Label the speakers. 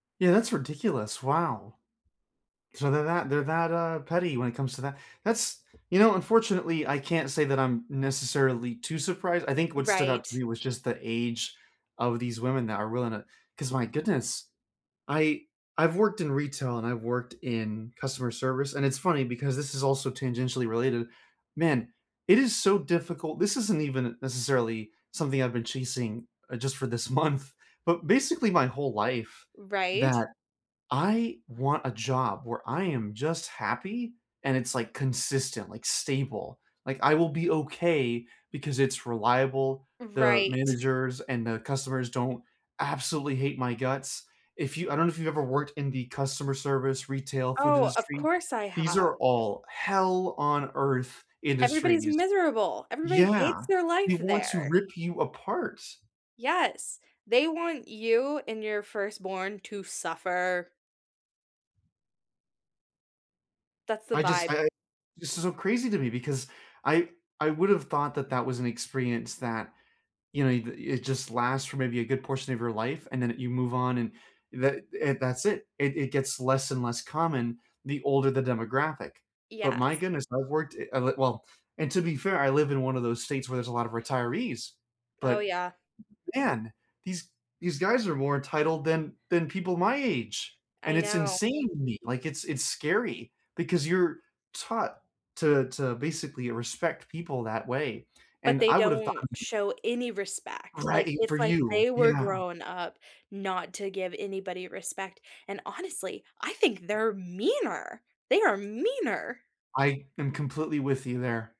Speaker 1: Yeah, that's ridiculous. Wow. So, they're that they're that, uh, petty when it comes to that. That's you know, unfortunately, I can't say that I'm necessarily too surprised. I think what stood out to
Speaker 2: Right.
Speaker 1: me was just the age of these women that are willing to 'cause my goodness. I I've worked in retail and I've worked in customer service- and it's funny because this is also tangentially related- man, it is so difficult, this isn't even necessarily something I've been chasing, uh, just for this month, but basically my whole life
Speaker 2: Right.
Speaker 1: that I want a job where I am just happy and it's, like, consistent, like, stable. Like, I will be okay because it's reliable, the
Speaker 2: Right.
Speaker 1: managers and the customers don't absolutely hate my guts. If you I don't know if you've ever worked in the customer service, retail, food
Speaker 2: Oh, of
Speaker 1: industry.
Speaker 2: course, I
Speaker 1: These
Speaker 2: have.
Speaker 1: are all hell-on-earth
Speaker 2: Everybody's
Speaker 1: industries.
Speaker 2: miserable. Everybody hates
Speaker 1: Yeah.
Speaker 2: their
Speaker 1: They
Speaker 2: life
Speaker 1: want to
Speaker 2: there.
Speaker 1: rip you apart.
Speaker 2: Yes. They want you and your firstborn to suffer. That's the
Speaker 1: I just
Speaker 2: vibe.
Speaker 1: I I this is so crazy to me because I I would have thought that that was an experience that, you know, it uh, it just lasts for maybe a good portion of your life, and then you move on and that and that's it; it it gets less and less common the older the demographic. But my
Speaker 2: Yes.
Speaker 1: goodness, I've worked it of it well And to be fair, I live in one of those states where there's a lot of retirees,
Speaker 2: Oh,
Speaker 1: but,
Speaker 2: yeah.
Speaker 1: man, these these guys are more entitled than than people my age, and
Speaker 2: I
Speaker 1: it's
Speaker 2: know.
Speaker 1: insane to me. Like, it's it's scary because you're taught to to basically respect people that way.
Speaker 2: But
Speaker 1: And
Speaker 2: they
Speaker 1: I would have thought
Speaker 2: don't show any respect. Like,
Speaker 1: Right, for
Speaker 2: it's like
Speaker 1: you.
Speaker 2: they were
Speaker 1: Yeah.
Speaker 2: grown up not to give anybody respect, and honestly, I think they're meaner. They are meaner.
Speaker 1: I am completely with you there.